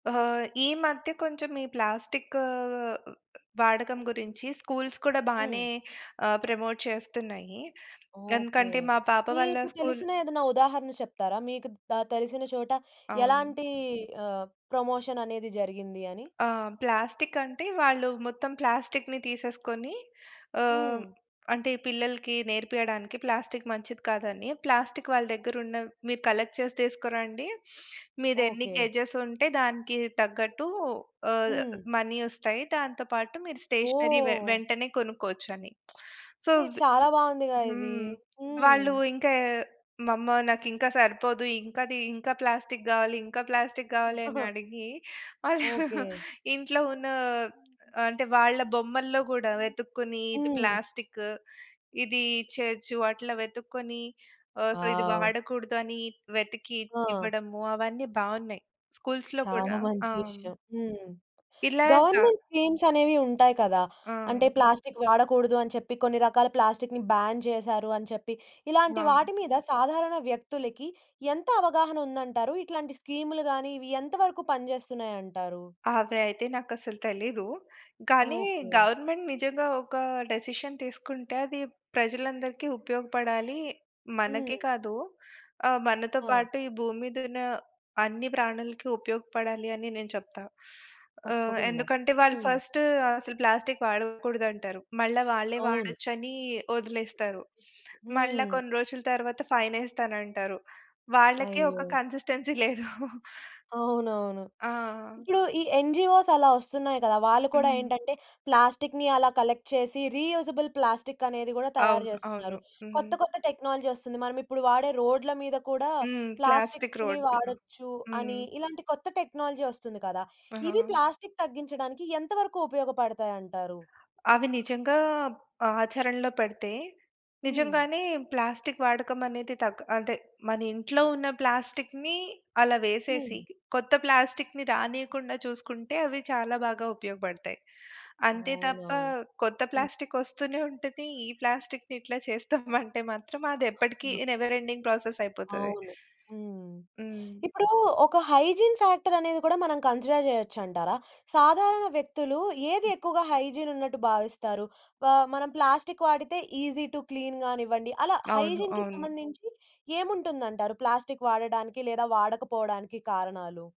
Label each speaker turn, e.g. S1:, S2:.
S1: ఆహా! ఈ మధ్య కొంచెం ఈ ప్లాస్టిక్కూ వాడకం గురించి, స్కూల్స్ కూడా
S2: హ్మ్.
S1: బానే ఆహ్, ప్రమోట్ చేస్తున్నాయి.
S2: ఓకే.
S1: ఎందుకంటే, మా పాప వాళ్ళ
S2: మీకు
S1: స్కూలు
S2: తెలిసిన ఏదన్నా ఉదాహరణ చెప్తారా? మీకు ద తెలిసిన చోట,
S1: అవును.
S2: ఎలాంటీ ఆహ్, ప్రమోషననేది జరిగింది అని.
S1: ఆ! ప్లాస్టికంటే, వాళ్ళు మొత్తం ప్లాస్టిక్కుని తీసేసుకొని ఆహ్, హ్మ్.
S2: హ్మ్.
S1: అంటే పిల్లలకి నేర్పియడానికి ప్లాస్టిక్కు మంచిది కాదని, ప్లాస్టిక్కు వాళ్ళ దగ్గరున్న మీరు కలెక్ట్ చేసి తీసుకోరండి, మీదెన్ని
S2: ఓకే.
S1: కేజేసుంటే, దానికి తగ్గట్టు ఆహ్,
S2: హ్మ్.
S1: మనీ ఒస్తాయి, దాంతో పాటు మీరు స్టేషనరీ వె
S2: ఓహ్!
S1: వెంటనే కొనుక్కోచని. So,
S2: hey!
S1: వి
S2: చాలా బాగుందిగా ఇది.
S1: హ్మ్.
S2: హ్మ్.
S1: వాళ్ళు ఇంకా, "మమ్మా నాకింకా సరిపోదు, ఇంకాదీ, ఇంకా ప్లాస్టిక్కు గావాలి, ఇంకా ప్లాస్టిక్కు గావాలి." అని అడిగి, అలా
S2: ఓకే.
S1: ఇంట్లో ఉన్నా, అంటే వాళ్ళ బొమ్మల్లో గూడా వెతుక్కొని, ఇది
S2: హ్మ్.
S1: ప్లాస్టిక్కు, ఇది ఇచ్చేయొచ్చు వాటిల్లో వెతుక్కొని, ఆహ్, సో, ఇది
S2: వావ్!
S1: వాడకూడదు అని వెతికి
S2: ఆ!
S1: ఇవ్వడము, అవన్నీ బావున్నాయి స్కూల్స్‌లో
S2: చాలా
S1: కూడా ఆ!
S2: మంచి
S1: హ్మ్.
S2: విషయం. హ్మ్.
S1: ఇలాగా
S2: గవర్నమెంట్ స్కీమ్స్ అనేవి ఉంటాయి కదా!
S1: ఆ!
S2: అంటే ప్లాస్టిక్కు వాడకూడదు అని చెప్పి, కొన్ని రకాల ప్లాస్టిక్‌ని బ్యాన్ చేశారు అని చెప్పి, ఇలాంటి
S1: అవును.
S2: వాటి మీద సాధారణ వ్యక్తులకి ఎంత అవగాహనుందంటారు? ఇట్లాంటి స్కీములు గాని, ఇవి ఎంత వరకు పనిజేస్తున్నాయంటారు?
S1: అవి అయితే నాకసలు తెలీదు. కానీ
S2: ఓకే.
S1: గవర్నమెంట్ నిజంగా ఒక డిసిషన్ తీసుకుంటే, అది ప్రజలందరికి ఉపయోగపడాలీ, మనకే
S2: హ్మ్.
S1: కాదూ, ఆహ్, మనతో
S2: ఆ!
S1: పాటు ఈ భూమి మీద ఉన్న అన్ని ప్రాణులకి ఉపయోగపడాలి, అని నేను చెప్తా. ఆహ్,
S2: తప్పకుండా
S1: ఎందుకంటే వాళ్ళు
S2: హ్మ్.
S1: ఫస్టు అసలు ప్లాస్టిక్కు వాడకూడదంటారు. మళ్ళా వాళ్ళే
S2: అవును.
S1: వాడొచ్చని వొదిలేస్తారు. మళ్ళా
S2: హ్మ్.
S1: కొన్ని రోజుల తరవాత ఫైనేస్తానంటారు. వాళ్ళకే ఒక
S2: అయ్యో!
S1: కన్సిస్టెన్సీ లేదు.
S2: అవునవును.
S1: ఆ!
S2: ఇప్పుడు ఈ ఎన్‌జీఓస్ అలా వస్తున్నాయి కదా! వాళ్ళు కూడా
S1: హ్మ్.
S2: ఏంటంటే, ప్లాస్టిక్కుని అలా కలెక్ట్ చేసి, రీయూజబుల్ ప్లాస్టికనేది గూడా తయారు
S1: అవును.
S2: జేస్తున్నారు.
S1: అవును.
S2: కొత్త,
S1: హుహు.
S2: కొత్త టెక్నాలజీ వస్తుంది, మనం ఇప్పుడు వాడే రోడ్ల మీద కూడా
S1: హ్మ్. ప్లాస్టిక్కు
S2: ప్లాస్టిక్కుని
S1: రోడ్సా!
S2: వాడొచ్చు
S1: హ్మ్.
S2: అని, ఇలాంటి కొత్త టెక్నాలజీ ఒస్తుంది కదా! ఇవి
S1: ఆ!
S2: ప్లాస్టిక్కు తగ్గించడానికి, ఎంతవరకు ఉపయోగపడతాయంటారు?
S1: అవి నిజంగా ఆచరణలో పెడితే,
S2: హ్మ్.
S1: నిజంగానే ప్లాస్టిక్కు వాడకమనేది తగ్ ఆదే, మనింట్లో ఉన్న ప్లాస్టిక్కుని అలా వేసేసి,
S2: హ్మ్.
S1: కొత్త ప్లాస్టిక్కుని రానీయకుండా చూసుకుంటే, అవి చాలా బాగా ఉపయోగపడతాయి. అంతే
S2: అవునా!
S1: తప్ప కొత్త
S2: హ్మ్.
S1: ప్లాస్టికొస్తూనే ఉంటది, ఈ ప్లాస్టిక్కుని ఇట్లా చేస్తామంటే మాత్రం అదేప్పటికీ
S2: హ్మ్. ఆ!
S1: నెవర్ ఎండింగ్ ప్రాసెసయిపోతది.
S2: అవును. హ్మ్.
S1: హ్మ్.
S2: ఇప్పుడూ ఒక హైజీన్ ఫ్యాక్టరనేది కూడా మనం కన్సిడర్ జేయొచ్చంటారా? సాధారణ వ్యక్తులు ఏది
S1: హ్మ్.
S2: ఎక్కువగా హైజీనున్నట్టు భావిస్తారు? వా మనం ప్లాస్టిక్కు వాడితే, ఈజీ టు క్లీన్ గానివ్వండి, అలా
S1: అవును.
S2: హైజీన్‌కి
S1: అవును.
S2: సంబంధించి ఏముంటుందంటారు? ప్లాస్టిక్కు వాడడానికి, లేదా వాడకపోవడానికి కారణాలు.